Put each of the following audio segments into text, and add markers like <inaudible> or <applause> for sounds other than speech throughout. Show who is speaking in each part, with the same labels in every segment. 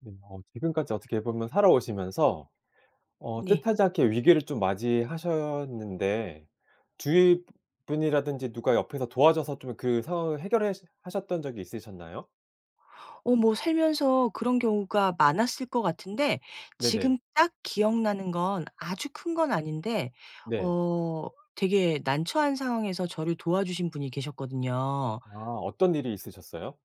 Speaker 1: 네 어. 지금까지 어떻게 보면 살아오시면서 어
Speaker 2: 네.
Speaker 1: 뜻하지 않게 위기를 좀 맞이하셨는데 주위 분이라든지 누가 옆에서 도와줘서 좀 그 상황을 해결하셨 해결하셨던 적이 있으셨나요?
Speaker 2: 어 뭐 살면서 그런 경우가 많았을 것 같은데
Speaker 1: 네네.
Speaker 2: 지금 딱 기억나는 건 아주 큰 건 아닌데
Speaker 1: 네.
Speaker 2: 어 되게 난처한 상황에서 저를 도와주신 분이 계셨거든요.
Speaker 1: 아 어떤 일이 있으셨어요?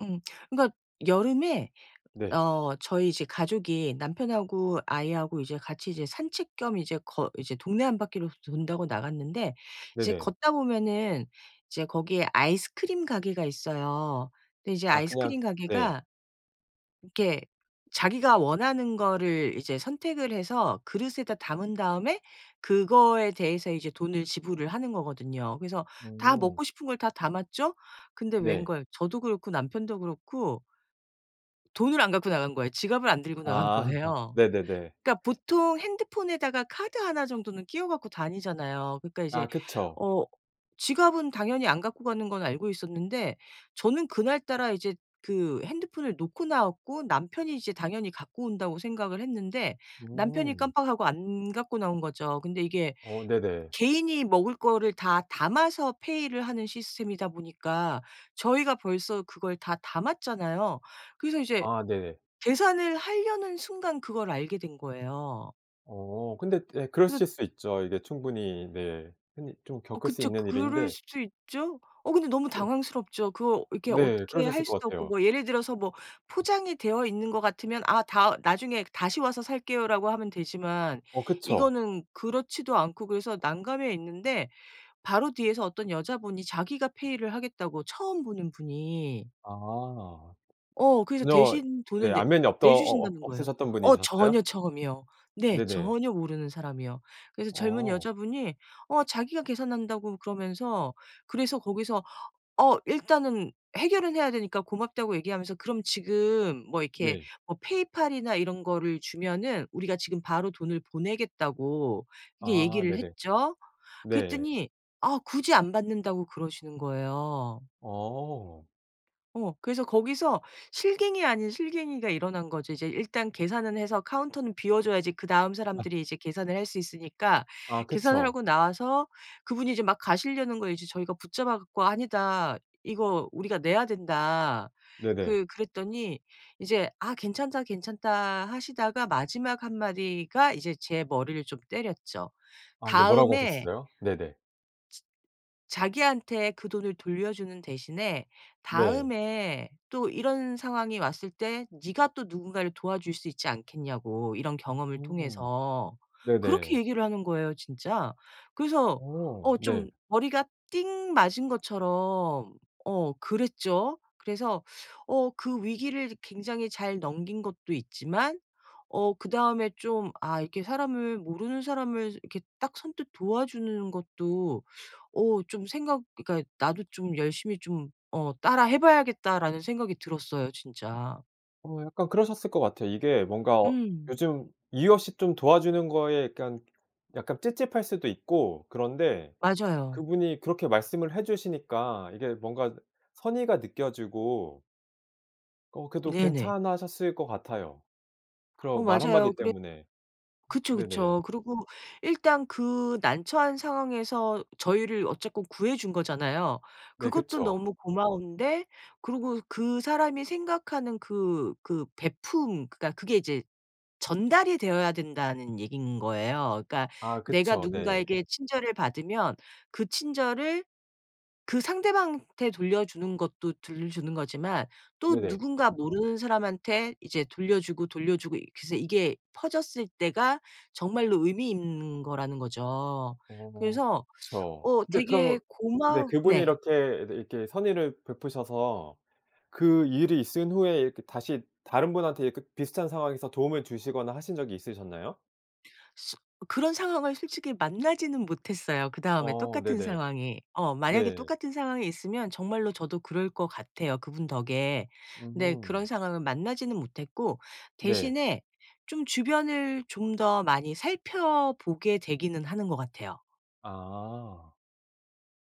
Speaker 2: 음. 그러니까 여름에
Speaker 1: 네.
Speaker 2: 어 저희 집 가족이 남편하고 아이하고 이제 같이 이제 산책 겸 이제 걷 이제 동네 한 바퀴를 돈다고 나갔는데 이제
Speaker 1: 네네.
Speaker 2: 걷다 보면은 이제 거기에 아이스크림 가게가 있어요. 근데 이제
Speaker 1: 아 그냥
Speaker 2: 아이스크림
Speaker 1: 네.
Speaker 2: 가게가 이렇게 자기가 원하는 거를 이제 선택을 해서 그릇에다 담은 다음에 그거에 대해서 이제 돈을 지불을 하는 거거든요. 그래서 다
Speaker 1: 음.
Speaker 2: 먹고 싶은 걸 다 담았죠? 근데
Speaker 1: 네.
Speaker 2: 웬걸. 저도 그렇고 남편도 그렇고 돈을 안 갖고 나간 거예요. 지갑을 안 들고 나간
Speaker 1: 아
Speaker 2: 거예요.
Speaker 1: 네네네.
Speaker 2: 그러니까 보통 핸드폰에다가 카드 1 정도는 끼워 가지고 다니잖아요. 그러니까 이제
Speaker 1: 아 그쵸.
Speaker 2: 어 지갑은 당연히 안 갖고 가는 건 알고 있었는데 저는 그날따라 이제 그 핸드폰을 놓고 나왔고 남편이 이제 당연히 갖고 온다고 생각을 했는데 남편이
Speaker 1: 음.
Speaker 2: 깜빡하고 안 갖고 나온 거죠. 근데 이게
Speaker 1: 어 네네.
Speaker 2: 개인이 먹을 거를 다 담아서 페이를 하는 시스템이다 보니까 저희가 벌써 그걸 다 담았잖아요. 그래서 이제
Speaker 1: 아 네.
Speaker 2: 계산을 하려는 순간 그걸 알게 된 거예요.
Speaker 1: 어 근데 예
Speaker 2: 그래서
Speaker 1: 그러실 수 있죠 이게 충분히 네. 흔히 좀
Speaker 2: 어
Speaker 1: 겪을 수
Speaker 2: 그쵸.
Speaker 1: 있는
Speaker 2: 그럴
Speaker 1: 일인데
Speaker 2: 수도 있죠. 어 근데 너무
Speaker 1: 네.
Speaker 2: 당황스럽죠. 그거 이렇게
Speaker 1: 네
Speaker 2: 어떻게 할
Speaker 1: 그러셨을 것
Speaker 2: 수도 없고
Speaker 1: 같아요.
Speaker 2: 뭐 예를 들어서 뭐 포장이 되어 있는 거 같으면 아 다 "나중에 다시 와서 살게요."라고 하면 되지만
Speaker 1: 어 그쵸.
Speaker 2: 이거는 그렇지도 않고 그래서 난감해 있는데 바로 뒤에서 어떤 여자분이 자기가 페이를 하겠다고 처음 보는 분이.
Speaker 1: 아.
Speaker 2: 어 그래서
Speaker 1: 전혀
Speaker 2: 대신
Speaker 1: 네
Speaker 2: 돈을 내
Speaker 1: 안면이 없던 어
Speaker 2: 내
Speaker 1: 어
Speaker 2: 주신다는 거예요.
Speaker 1: 없으셨던
Speaker 2: 어
Speaker 1: 분이셨어요?
Speaker 2: 전혀 처음이요. 네
Speaker 1: 네네.
Speaker 2: 전혀 모르는 사람이요. 그래서 젊은
Speaker 1: 어.
Speaker 2: 여자분이 어 자기가 계산한다고 그러면서 그래서 거기서 어 일단은 해결은 해야 되니까 고맙다고 얘기하면서 그럼 지금 뭐 이렇게
Speaker 1: 네.
Speaker 2: 뭐 페이팔이나 이런 거를 주면은 우리가 지금 바로 돈을 보내겠다고 그렇게
Speaker 1: 아
Speaker 2: 얘기를
Speaker 1: 네네.
Speaker 2: 했죠.
Speaker 1: 네.
Speaker 2: 그랬더니 아 굳이 안 받는다고 그러시는 거예요.
Speaker 1: 어.
Speaker 2: 어 그래서 거기서 실갱이 아닌 실갱이가 일어난 거죠. 이제 일단 계산은 해서 카운터는 비워 줘야지 그다음
Speaker 1: <laughs>
Speaker 2: 사람들이 이제 계산을 할 수 있으니까
Speaker 1: 아
Speaker 2: 계산을
Speaker 1: 그쵸.
Speaker 2: 하고 나와서 그분이 이제 막 가시려는 걸 이제 저희가 붙잡아 가지고. "아니다. 이거 우리가 내야 된다."
Speaker 1: 네네.
Speaker 2: 그 그랬더니 이제 아 괜찮다. 괜찮다. 하시다가 마지막 한마디가 이제 제 머리를 좀 때렸죠.
Speaker 1: 아 네 뭐라고
Speaker 2: 다음에
Speaker 1: 하셨어요? 네네.
Speaker 2: 즈 자기한테 그 돈을 돌려주는 대신에
Speaker 1: 네.
Speaker 2: 다음에 또 이런 상황이 왔을 때 네가 또 누군가를 도와줄 수 있지 않겠냐고 이런 경험을
Speaker 1: 음.
Speaker 2: 통해서. 그렇게
Speaker 1: 네네.
Speaker 2: 얘기를 하는 거예요 진짜. 그래서
Speaker 1: 어
Speaker 2: 어
Speaker 1: 네.
Speaker 2: 좀 머리가 띵 맞은 것처럼 어 그랬죠. 그래서 어 그 위기를 굉장히 잘 넘긴 것도 있지만 어 그다음에 좀 '아 이렇게 사람을 모르는 사람을 이렇게 딱 선뜻 도와주는 것도 어 좀 생각 그러니까 나도 좀 열심히 좀 어 따라 해 봐야겠다.'라는 생각이 들었어요 진짜.
Speaker 1: 어 약간 그러셨을 것 같아요. 이게 뭔가 어
Speaker 2: 음.
Speaker 1: 요즘 이유 없이 좀 도와주는 거에 약간 약간 찝찝할 수도 있고 그런데
Speaker 2: 맞아요.
Speaker 1: 그분이 그렇게 말씀을 해 주시니까 이게 뭔가 그 선의가 느껴지고 어 그래도
Speaker 2: 네네.
Speaker 1: 괜찮아하셨을 것 같아요
Speaker 2: 어
Speaker 1: 그런 말
Speaker 2: 맞아요
Speaker 1: 한마디
Speaker 2: 그랬
Speaker 1: 때문에. 음
Speaker 2: 그쵸,
Speaker 1: 네네.
Speaker 2: 그쵸. 그리고 일단 그 난처한 상황에서 어 저희를 어쨌건 구해 준 거잖아요.
Speaker 1: 네
Speaker 2: 그것도
Speaker 1: 그쵸.
Speaker 2: 너무 고마운데 그리고 그 사람이 생각하는 그 그 베풂 그러니까 그게 이제 "전달이 되어야 된다."는 얘기인 거예요. 그러니까
Speaker 1: 아
Speaker 2: 내가
Speaker 1: 그쵸. 네.
Speaker 2: 누군가에게 친절을 받으면 그 친절을 그 상대방한테 돌려주는 것도 돌려주는 거지만 또
Speaker 1: 네네.
Speaker 2: 누군가 모르는 사람한테 이제 돌려주고 돌려주고 이렇게 해서 이게 퍼졌을 때가 정말로 의미 있는 거라는 거죠.
Speaker 1: 어
Speaker 2: 그래서
Speaker 1: 그쵸.
Speaker 2: 어
Speaker 1: 근데 그러면
Speaker 2: 되게
Speaker 1: 네
Speaker 2: 고마
Speaker 1: 그분이
Speaker 2: 네.
Speaker 1: 이렇게 이렇게 선의를 베푸셔서 그 일이 있은 후에 이렇게 다시 다른 분한테 이렇게 비슷한 상황에서 도움을 주시거나 하신 적이 있으셨나요?
Speaker 2: 슥 그런 상황을 솔직히 만나지는 못했어요 그다음에
Speaker 1: 어
Speaker 2: 똑같은
Speaker 1: 네네.
Speaker 2: 상황이. 어 만약에
Speaker 1: 네.
Speaker 2: 똑같은 상황이 있으면 정말로 저도 그럴 것 같아요 그분 덕에. 근데 그런
Speaker 1: 음.
Speaker 2: 상황을 만나지는 못했고
Speaker 1: 네.
Speaker 2: 대신에 좀 주변을 좀 더 많이 살펴 보게 되기는 하는 것 같아요.
Speaker 1: 아.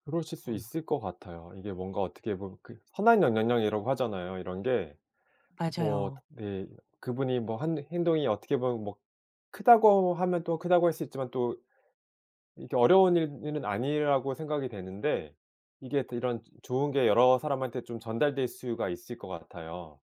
Speaker 1: 그러실 수
Speaker 2: 음.
Speaker 1: 있을 것 같아요. 이게 뭔가 어떻게 보면 그 선한 영향력이라고 하잖아요 이런 게. 뭐
Speaker 2: 맞아요.
Speaker 1: 네 그분이 뭐 한 행동이 어떻게 보면 뭐 크다고 하면 또 크다고 할 수 있지만 또 이게 어려운 일은 일은 아니라고 생각이 되는데 이게 이런 좋은 게 여러 사람한테 좀 전달될 수가 있을 것 같아요.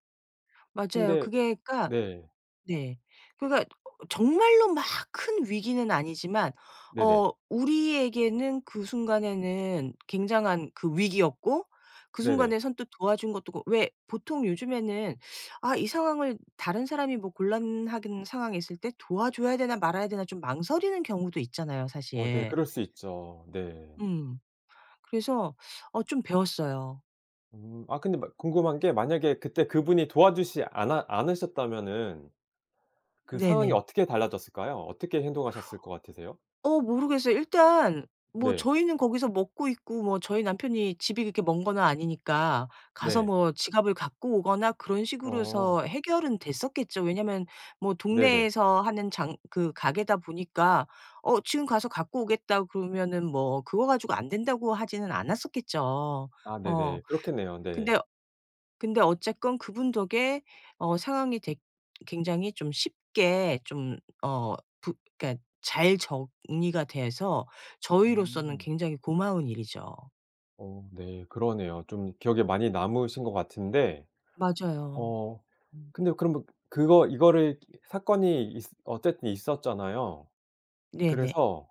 Speaker 2: 맞아요.
Speaker 1: 근데
Speaker 2: 그게 그러니까
Speaker 1: 네.
Speaker 2: 네 그러니까 어 정말로 막 큰 위기는 아니지만
Speaker 1: 네네.
Speaker 2: 어 우리에게는 그 순간에는 굉장한 그 위기였고 그
Speaker 1: 네네.
Speaker 2: 순간에 선뜻 도와준 것도 그렇 왜 보통 요즘에는 '아 이 상황을 다른 사람이 뭐 곤란하든 상황에 있을 때 도와줘야 되나 말아야 되나.' 좀 망설이는 경우도 있잖아요
Speaker 1: 어 네
Speaker 2: 사실.
Speaker 1: 그럴 수 있죠 네.
Speaker 2: 음. 그래서 어 좀 배웠어요.
Speaker 1: 음. 아 근데 막 궁금한 게 만약에 그때 그분이 도와주시지 않아 않으셨다면은 그 상황이
Speaker 2: 네네.
Speaker 1: 어떻게 달라졌을까요? 어떻게 행동하셨을 것 같으세요?
Speaker 2: 어 모르겠어요. 일단 뭐
Speaker 1: 네.
Speaker 2: 저희는 거기서 먹고 있고 뭐 저희 남편이 집이 그렇게 먼 건 아니니까 가서
Speaker 1: 네.
Speaker 2: 뭐 지갑을 갖고 오거나 그런 식으로서
Speaker 1: 어.
Speaker 2: 해서 해결은 됐었겠죠. 왜냐하면 뭐
Speaker 1: 네네.
Speaker 2: 동네에서 하는 장 그 가게다 보니까 어 지금 가서 갖고 오겠다고 그러면은 뭐 그거 가지고 안 된다고 하지는 않았었겠죠.
Speaker 1: 아
Speaker 2: 어.
Speaker 1: 네네 그렇겠네요. 네.
Speaker 2: 근데 근데 어쨌건 그분 덕에 어 상황이 되 굉장히 좀 어 쉽게 좀 어 부 그러니까 잘 정리가 돼서 저희로서는
Speaker 1: 음.
Speaker 2: 굉장히 고마운 일이죠.
Speaker 1: 어 네 그러네요. 좀 기억에 많이 남으신 것 같은데
Speaker 2: 맞아요.
Speaker 1: 어
Speaker 2: 음.
Speaker 1: 근데 그럼 뭐 그거 이거를 사건이 있으 어쨌든 있었잖아요.
Speaker 2: 네네.
Speaker 1: 그래서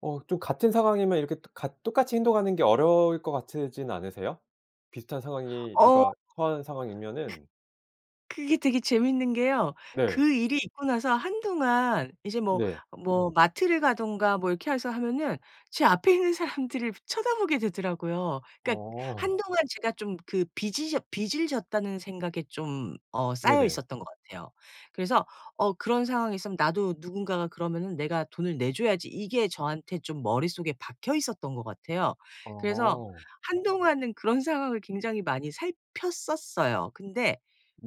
Speaker 1: 어 좀 같은 상황이면 이렇게 같 똑같이 행동하는 게 어려울 것 같지는 않으세요? 비슷한 상황이 누가
Speaker 2: 어.
Speaker 1: 처한
Speaker 2: 그
Speaker 1: 상황이면은.
Speaker 2: 그게 되게 재밌는 게요.
Speaker 1: 네.
Speaker 2: 그 일이 있고 나서 한동안 이제 뭐
Speaker 1: 네.
Speaker 2: 뭐 마트를 가든가 뭐 이렇게 해서 하면은 제 앞에 있는 사람들을 일부러 쳐다보게 되더라고요. 그러니까
Speaker 1: 어.
Speaker 2: 한동안 제가 좀 그 빚이 졌 빚을 졌다는 생각에 좀 어 싸여
Speaker 1: 네네.
Speaker 2: 있었던 것 같아요. 그래서 어 '그런 상황이 있으면 나도 누군가가 그러면은 내가 돈을 내줘야지.' 이게 저한테 좀 머릿속에 박혀 있었던 것 같아요. 그래서
Speaker 1: 어.
Speaker 2: 한동안은 그런 상황을 굉장히 많이 살폈었어요. 근데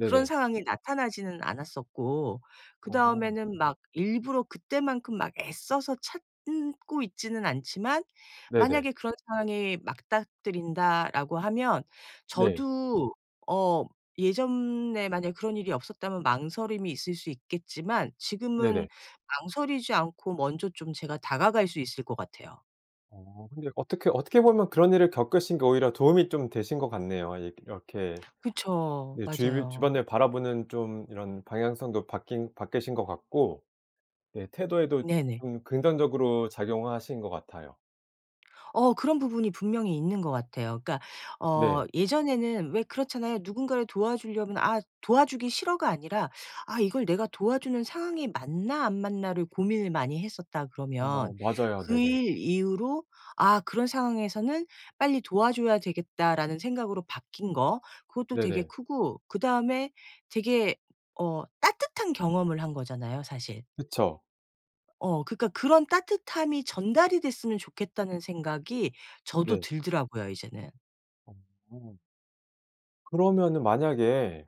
Speaker 2: 그런 상황이 나타나지는 않았었고
Speaker 1: 어.
Speaker 2: 그다음에는 막 일부러 그때만큼 막 애써서 찾고 있지는 않지만
Speaker 1: 네네.
Speaker 2: 만약에 '그런 상황이 맞닥뜨린다.'라고 하면
Speaker 1: 네.
Speaker 2: 저도 어 예전에 만약 그런 일이 없었다면 망설임이 있을 수 있겠지만 지금은
Speaker 1: 네네.
Speaker 2: 망설이지 않고 먼저 좀 제가 다가갈 수 있을 것 같아요.
Speaker 1: 어 근데 어떻게 어떻게 보면 그런 일을 겪으신 게 오히려 도움이 좀 되신 것 같네요. 이게 이렇게
Speaker 2: 그쵸.
Speaker 1: 네 주위
Speaker 2: 맞아요.
Speaker 1: 주변을 바라보는 좀 이런 방향성도 바뀐 바뀌신 것 같고 네 태도에도
Speaker 2: 네네.
Speaker 1: 좀 긍정적으로 작용하신 것 같아요.
Speaker 2: 어 그런 부분이 분명히 있는 것 같아요. 그러니까
Speaker 1: 네.
Speaker 2: 어 예전에는 왜 그렇잖아요. 누군가를 도와주려면 '아 도와주기 싫어.'가 아니라 '아 이걸 내가 도와주는 상황이 맞나 안 맞나.'를 고민을 많이 했었다 그러면
Speaker 1: 어 맞아요.
Speaker 2: 그
Speaker 1: 네네.
Speaker 2: 일 이후로 '아 그런 상황에서는 빨리 도와줘야 되겠다.'라는 생각으로 바뀐 거 그것도 되게
Speaker 1: 네네.
Speaker 2: 크고 그다음에 되게 어 따뜻한 경험을 한 거잖아요 사실.
Speaker 1: 그쵸.
Speaker 2: 어 그러니까 '그런 따뜻함이 전달이 됐으면 좋겠다.'는 생각이 저도
Speaker 1: 네.
Speaker 2: 들더라고요 이제는.
Speaker 1: 어. 그러면은 만약에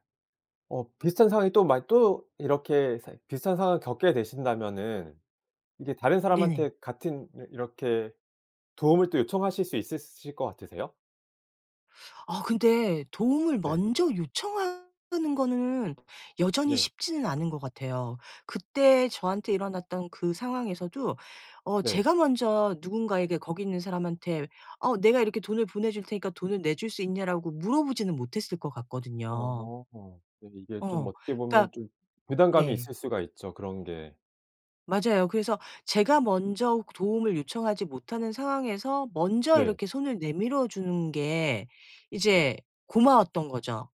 Speaker 1: 어 비슷한 상황이 또 마 또 이렇게 상 비슷한 상황을 겪게 되신다면은 이게 다른
Speaker 2: 네네.
Speaker 1: 사람한테 같은 이러 이렇게 도움을 또 요청하실 수 있으실 것 같으세요?
Speaker 2: 어 근데 도움을
Speaker 1: 네.
Speaker 2: 먼저 요청하는 건 여전히
Speaker 1: 네.
Speaker 2: 쉽지는 않은 것 같아요. 그때 저한테 일어났던 그 상황에서도 어
Speaker 1: 네.
Speaker 2: 제가 먼저 누군가에게 거기 있는 사람한테 "어 내가 이렇게 돈을 보내줄 테니까 돈을 내줄 수 있냐."라고 물어보지는 못했을 것 같거든요.
Speaker 1: 어 예 이게 좀
Speaker 2: 어.
Speaker 1: 어떻게
Speaker 2: 그러니까
Speaker 1: 보면 좀 부담감이
Speaker 2: 네.
Speaker 1: 있을 수가 있죠 그런 게.
Speaker 2: 맞아요. 그래서 제가 먼저 도움을 요청하지 못하는 상황에서 먼저
Speaker 1: 네.
Speaker 2: 이렇게 손을 내밀어 주는 게 이제 고마웠던 거죠.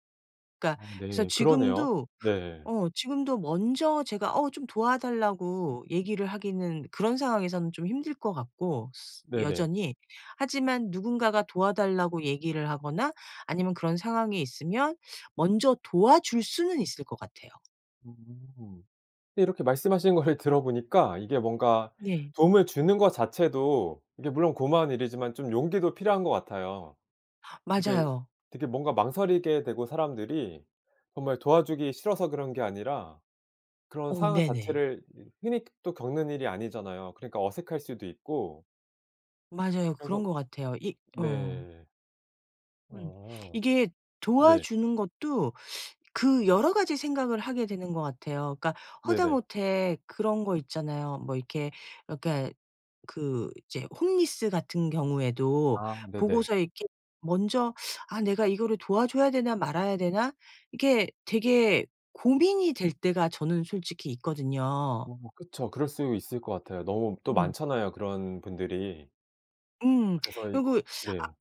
Speaker 2: 그러니까
Speaker 1: 어
Speaker 2: 그래서
Speaker 1: 네 그러네요.
Speaker 2: 지금도
Speaker 1: 네.
Speaker 2: 어 지금도 먼저 제가 어 좀 도와 달라고 얘기를 하기는 그런 상황에서는 좀 힘들 것 같고 스
Speaker 1: 네네.
Speaker 2: 여전히 하지만 누군가가 도와달라고 얘기를 하거나 아니면 그런 상황에 있으면 먼저 도와줄 수는 있을 것 같아요.
Speaker 1: 음 근데 이렇게 말씀하신 거를 들어보니까 이게 뭔가
Speaker 2: 네.
Speaker 1: 도움을 주는 것 자체도 이게 물론 고마운 일이지만 좀 용기도 필요한 것 같아요. 이게
Speaker 2: 맞아요.
Speaker 1: 되게 뭔가 망설이게 되고 사람들이 정말 도와주기 싫어서 그런 게 아니라 그런
Speaker 2: 어
Speaker 1: 상황
Speaker 2: 네네.
Speaker 1: 자체를 이 흔히 또 겪는 일이 아니잖아요. 그러니까 어색할 수도 있고
Speaker 2: 맞아요 그런
Speaker 1: 그래서
Speaker 2: 것 같아요 이 어.
Speaker 1: 네.
Speaker 2: 음.
Speaker 1: 어.
Speaker 2: 이게
Speaker 1: 네.
Speaker 2: 도와주는 것도 그 여러 가지 생각을 하게 되는 것 같아요. 그러니까
Speaker 1: 네네.
Speaker 2: 하다못해 그런 거 있잖아요. 뭐 이렇게 그러니까 그 이제 홈리스 같은 경우에도
Speaker 1: 아 네네.
Speaker 2: 보고서 이렇게 먼저 '아 내가 이거를 도와줘야 되나. 말아야 되나.' 이게 되게 고민이 될 때가 저는 솔직히 있거든요.
Speaker 1: 어 그쵸. 그럴 수 있을 것 같아요. 너무 또
Speaker 2: 음.
Speaker 1: 많잖아요 그런 분들이.
Speaker 2: 음.
Speaker 1: 그래서 이
Speaker 2: 그리고 아
Speaker 1: 네.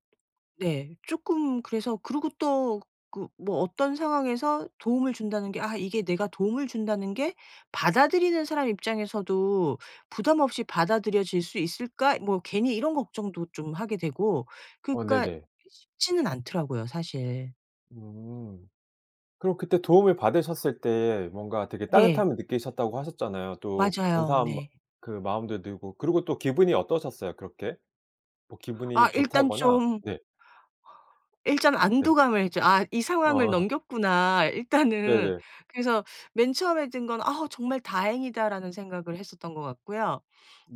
Speaker 2: 네 쪼끔 그래서 그리고 또 그 뭐 어떤 상황에서 도움을 준다는 게 '아 이게 내가 도움을 준다는 게 받아들이는 사람 입장에서도 부담 없이 받아들여질 수 있을까?' 뭐 괜히 이런 걱정도 좀 하게 되고
Speaker 1: 어
Speaker 2: 그러니까
Speaker 1: 네네.
Speaker 2: 쉽지는 않더라고요 사실.
Speaker 1: 음 그럼 그때 도움을 받으셨을 때 뭔가 되게
Speaker 2: 네.
Speaker 1: 따뜻함을 느끼셨다고 하셨잖아요. 또
Speaker 2: 맞아요.
Speaker 1: 감사한 마
Speaker 2: 네.
Speaker 1: 그 마음도 들고 그리고 또 기분이 어떠셨어요? 그렇게? 뭐 기분이
Speaker 2: 아 일단
Speaker 1: 좋다거나
Speaker 2: 좀
Speaker 1: 네.
Speaker 2: 일단
Speaker 1: 네.
Speaker 2: 안도감을 좀 '아 이 상황을
Speaker 1: 아.
Speaker 2: 넘겼구나 일단은.'
Speaker 1: 네네.
Speaker 2: 그래서 맨 처음에 든 건 '아 정말 다행이다.'라는 생각을 했었던 것 같고요.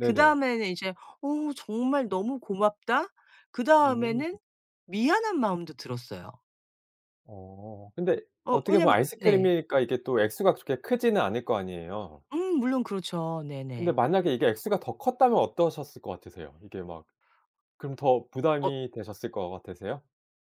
Speaker 2: 그 다음에는 이제 '어우 정말 너무 고맙다.' 그
Speaker 1: 음.
Speaker 2: 다음에는 미안한 마음도 들었어요.
Speaker 1: 어. 근데
Speaker 2: 어
Speaker 1: 어떻게 보면
Speaker 2: 왜냐하면 네.
Speaker 1: 아이스크림이니까 이게 또 액수가 그렇게 크지는 않을 거 아니에요?
Speaker 2: 음 물론 그렇죠
Speaker 1: 근데
Speaker 2: 네네.
Speaker 1: 만약에 이게 액수가 더 컸다면 어떠셨을 것 같으세요? 이게 막 그럼 더
Speaker 2: 어
Speaker 1: 부담이 되셨을 것 같으세요?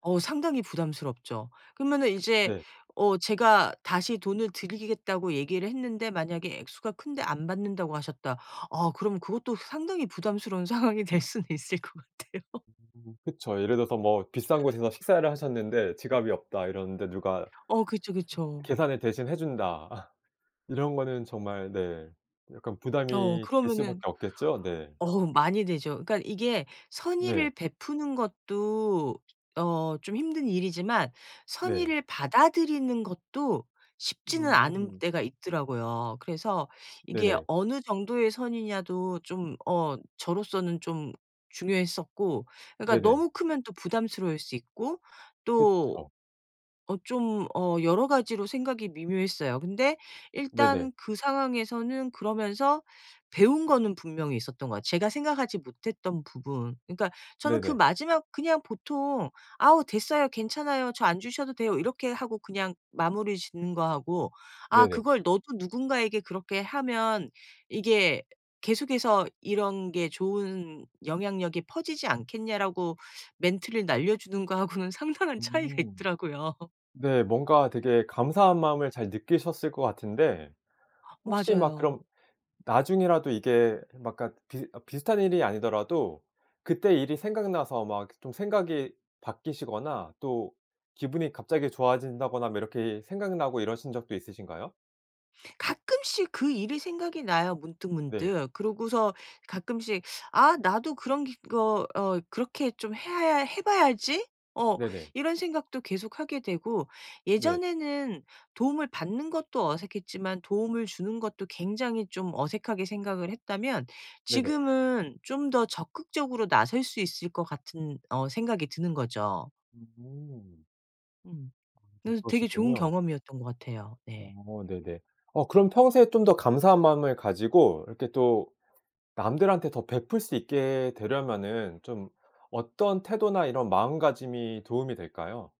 Speaker 2: 어 상당히 부담스럽죠. 그러면은 이제
Speaker 1: 네.
Speaker 2: 어 제가 다시 "돈을 드리겠다."고 얘기를 했는데 만약에 액수가 큰데 "안 받는다."고 하셨다. 아 그럼 그것도 상당히 부담스러운 상황이 될 수는 있을 것 같아요. <laughs>
Speaker 1: 음 그쵸. 예를 들어서 뭐 비싼 곳에서 식사를 하셨는데 지갑이 없다. 이러는데 누가
Speaker 2: 어 그쵸 그쵸.
Speaker 1: 계산을 대신 해 준다. <laughs> 이런 거는 정말 네 약간
Speaker 2: 어
Speaker 1: 부담이 될 수밖에
Speaker 2: 그러면은
Speaker 1: 없겠죠? 네.
Speaker 2: 어우 많이 되죠. 그러니까 이게 선의를
Speaker 1: 네.
Speaker 2: 베푸는 것도 어 좀 힘든 일이지만
Speaker 1: 네.
Speaker 2: 선의를 받아들이는 것도 쉽지는 않은
Speaker 1: 음.
Speaker 2: 때가 있더라고요. 그래서 이게
Speaker 1: 네네.
Speaker 2: 어느 정도의 선의냐도 좀 어 저로서는 좀 중요했었고 그러니까
Speaker 1: 네네.
Speaker 2: 너무 크면 또 부담스러울 수 있고 또
Speaker 1: 그쵸.
Speaker 2: 어 좀 어 여러 가지로 생각이 미묘했어요. 근데
Speaker 1: 네네.
Speaker 2: 일단 그 상황에서는 그러면서 배운 거는 분명히 있었던 거야. 제가 생각하지 못했던 부분 그러니까 저는 그
Speaker 1: 네네.
Speaker 2: 마지막 그냥 보통 "아우 됐어요. 괜찮아요 저 안 주셔도 돼요." 이렇게 하고 그냥 마무리 짓는 거 하고 "아
Speaker 1: 네네.
Speaker 2: 그걸 너도 누군가에게 그렇게 하면 이게 계속해서 이런 게 좋은 영향력이 퍼지지 않겠냐."라고 멘트를 날려주는 거 하고는 상당한 차이가
Speaker 1: 음.
Speaker 2: 있더라고요. <laughs>
Speaker 1: 네 뭔가 되게 감사한 마음을 잘 느끼셨을 것 같은데 혹시 막
Speaker 2: 맞아요.
Speaker 1: 그럼 나중에라도 이게 뭐 약간 비슷 비슷한 일이 아니더라도 그때 일이 생각나서 막 좀 생각이 바뀌시거나 또 기분이 갑자기 좋아진다거나 뭐 이렇게 생각나고 이러신 적도 있으신가요?
Speaker 2: 가끔씩 그 일이 생각이 나요
Speaker 1: 네.
Speaker 2: 문득문득. 그러고서 가끔씩 '아 나도 그런 기 거 어 그렇게 좀 해야 아 해 봐야지.' 어
Speaker 1: 네네.
Speaker 2: 이런 생각도 계속하게 되고
Speaker 1: 네.
Speaker 2: 예전에는 도움을 받는 것도 어색했지만 도움을 주는 것도 굉장히 좀 어색하게 생각을 했다면
Speaker 1: 네네.
Speaker 2: 지금은 좀 더 적극적으로 나설 수 있을 것 같은 어 생각이 드는 거죠.
Speaker 1: 음.
Speaker 2: 음.
Speaker 1: 어
Speaker 2: 네. 되게 좋은
Speaker 1: 그러시군요.
Speaker 2: 경험이었던 것 같아요. 네.
Speaker 1: 어 네네. 어 그럼 평소에 좀 더 감사한 마음을 가지고 이렇게 또 남들한테 더 베풀 수 있게 되려면은 좀 어떤 태도나 이런 마음가짐이 도움이 될까요?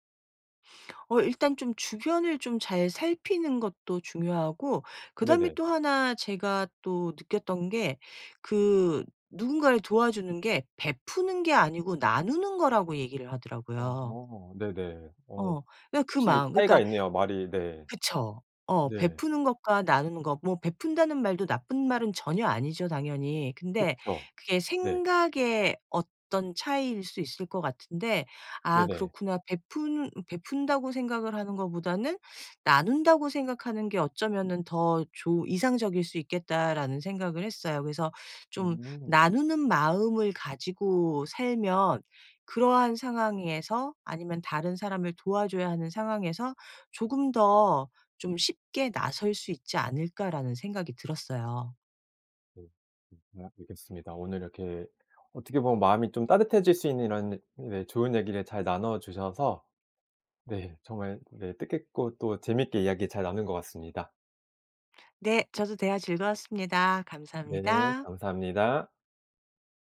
Speaker 2: 어 일단 좀 주변을 좀 잘 살피는 것도 중요하고 그다음에
Speaker 1: 네네.
Speaker 2: 또 1 제가 또 느꼈던 게 그 누군가를 도와주는 게 베푸는 게 아니고 나누는 거라고 얘기를 하더라고요.
Speaker 1: 어. 네네. 어
Speaker 2: 어. 그
Speaker 1: 확실히
Speaker 2: 마음
Speaker 1: 차이가
Speaker 2: 그러니까
Speaker 1: 있네요 말이 네.
Speaker 2: 그쵸. 어.
Speaker 1: 네.
Speaker 2: 베푸는 것과 나누는 것 뭐 베푼다는 말도 나쁜 말은 전혀 아니죠 당연히. 근데
Speaker 1: 그쵸.
Speaker 2: 그게
Speaker 1: 네.
Speaker 2: 생각의 어떤 차이일 수 있을 것 같은데 '아
Speaker 1: 네네.
Speaker 2: 그렇구나. 베푼 베푼다고 생각을 하는 것보다는 나눈다고 생각하는 게 어쩌면은 더 좋 이상적일 수 있겠다.'라는 생각을 했어요. 그래서 '좀
Speaker 1: 음.
Speaker 2: 나누는 마음을 가지고 살면 그러한 상황에서 아니면 다른 사람을 도와줘야 하는 상황에서 조금 더 좀 쉽게 나설 수 있지 않을까.'라는 생각이 들었어요.
Speaker 1: 네. 다음에 뵙겠습니다. 오늘 이렇게 어떻게 보면 마음이 좀 따뜻해질 수 있는 이런 네 좋은 얘기를 잘 나눠 주셔서 네. 정말 네 뜻깊고 또 재밌게 이야기 잘 나눈 것 같습니다.
Speaker 2: 네. 저도 대화 즐거웠습니다.
Speaker 1: 네.
Speaker 2: 감사합니다.
Speaker 1: 감사합니다.